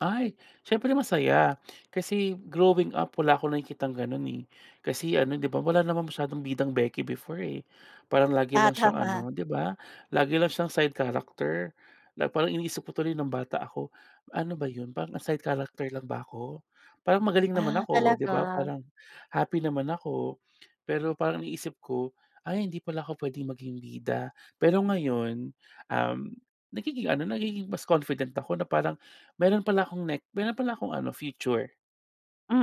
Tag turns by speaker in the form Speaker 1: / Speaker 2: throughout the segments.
Speaker 1: Ay. Siyempre masaya, kasi growing up wala akong nakikitang gano'n, eh. Kasi ano, 'di ba wala naman masyadong bidang beki before, eh. Parang lagi
Speaker 2: Ah,
Speaker 1: lang siyang
Speaker 2: tama.
Speaker 1: ano, 'di ba, lagi lang siyang side character. Na parang iniisip ko tuloy nung bata ako, "Ano ba yun?" parang, "Ah, side character lang ba ako?" parang, "Magaling naman
Speaker 2: Ah,
Speaker 1: ako." 'di
Speaker 2: talaga?
Speaker 1: ba, parang, "Happy naman ako." Pero parang iniisip ko, "Ay hindi pala ako puwedeng maging bida." Pero ngayon, um, nagiging ano, nagiging mas confident ako na parang meron pala akong nek meron pala akong ano future,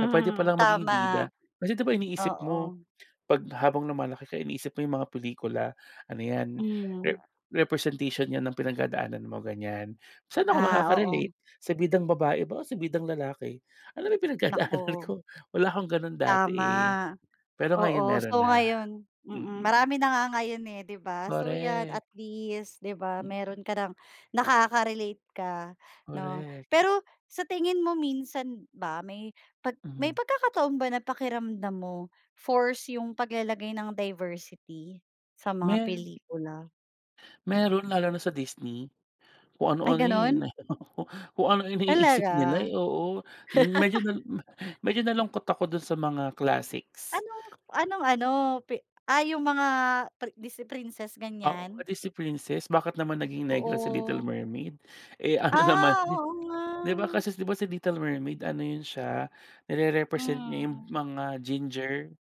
Speaker 1: na puwede palang maging
Speaker 2: tama.
Speaker 1: bida. Kasi, 'di ba iniisip mo,
Speaker 2: Oo.
Speaker 1: pag habang lumalaki ka, iniisip mo yung mga pelikula, ano yan, re
Speaker 2: Hmm.
Speaker 1: representation yan ng pinagdadaanan mo, ganyan. "Saan ako
Speaker 2: Ah,
Speaker 1: makaka-relate,
Speaker 2: oo.
Speaker 1: sa bidang babae ba o sa bidang lalaki? Ano ba yung pinagdadaanan
Speaker 2: Naku.
Speaker 1: ko?" wala akong gano'n dati,
Speaker 2: Tama.
Speaker 1: eh, pero ngayon
Speaker 2: Oo,
Speaker 1: meron
Speaker 2: so
Speaker 1: na.
Speaker 2: ngayon mm,
Speaker 1: Mm.
Speaker 2: marami na nga ngayon, eh, 'di ba? So 'yan
Speaker 1: Korek.
Speaker 2: at least, 'di ba,
Speaker 1: Mm.
Speaker 2: meron ka ng nakaka-relate ka 'no?
Speaker 1: Korek.
Speaker 2: Pero sa tingin mo minsan ba may 'pag may
Speaker 1: Mhm.
Speaker 2: pagkakataon ba na pakiramdam mo forced yung paglalagay ng diversity sa mga
Speaker 1: Me
Speaker 2: pelikula?
Speaker 1: Meron lalo na sa Disney. Kung
Speaker 2: Ay,
Speaker 1: ano-ano, eh,
Speaker 2: gano'n?
Speaker 1: nahilo ko. Kung ano-ano'y iniisip
Speaker 2: Talaga?
Speaker 1: nila, eh, oo. Medyo nal ma medyo nalungkot ako dun sa mga classics.
Speaker 2: Anong anong ano? Pi ah, yung mga pri Disney princess,
Speaker 1: Oo,
Speaker 2: ganyan?
Speaker 1: pati si Princess bakit naman naging negra sa Little
Speaker 2: Oo.
Speaker 1: Mermaid? Eh, ano naman
Speaker 2: Ah,
Speaker 1: di
Speaker 2: oo,
Speaker 1: di ba
Speaker 2: nga.
Speaker 1: kasi 'di ba si Little Mermaid ano yun siya, nirerepresent niya yung
Speaker 2: Hmm.
Speaker 1: mga ginger,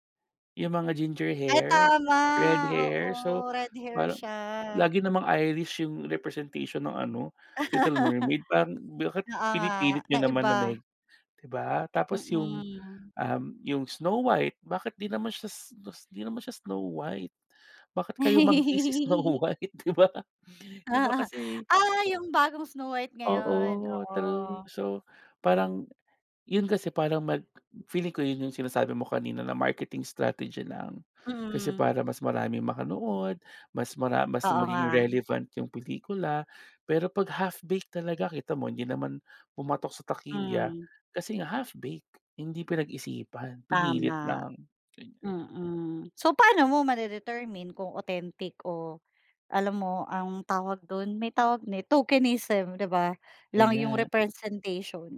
Speaker 1: yung mga ginger
Speaker 2: Ay,
Speaker 1: hair,
Speaker 2: tama.
Speaker 1: red hair? So
Speaker 2: Oo, red hair
Speaker 1: parang
Speaker 2: siya.
Speaker 1: lagi namang Irish yung representation ng ano, Little Mermaid, parang bakit
Speaker 2: Oo
Speaker 1: pinipilit
Speaker 2: nga,
Speaker 1: niyo naman
Speaker 2: naiba.
Speaker 1: na neg di ba? Tapos yung,
Speaker 2: Mm.
Speaker 1: um, yung Snow White, bakit 'di naman siya s 'dis 'di naman siya Snow White? Bakit kayumanggi si Snow White, 'di ba? 'Di ba kasi
Speaker 2: Ah! Yung bagong Snow White ngayon.
Speaker 1: Oo, true,
Speaker 2: Oo.
Speaker 1: so parang yun kasi parang mag feeling ko yun yung sinasabi mo kanina na marketing strategy lang. Kasi
Speaker 2: Mm.
Speaker 1: para mas maraming makanood, mas mara mas
Speaker 2: Oo, nga.
Speaker 1: maging relevant yung pelikula, pero 'pag half-baked talaga, kita mo hindi naman pumatok sa takilya,
Speaker 2: Hmm.
Speaker 1: kasi nga half-baked hindi pinag-isipan, pinilit
Speaker 2: Tama.
Speaker 1: lang, ganiyan.
Speaker 2: Mm, so paano mo ma-de-determine kung authentic o alam mo, um, tawag do'n? May tawag ne "tokenism," 'di ba, lang yung
Speaker 1: Ganiyan.
Speaker 2: representation?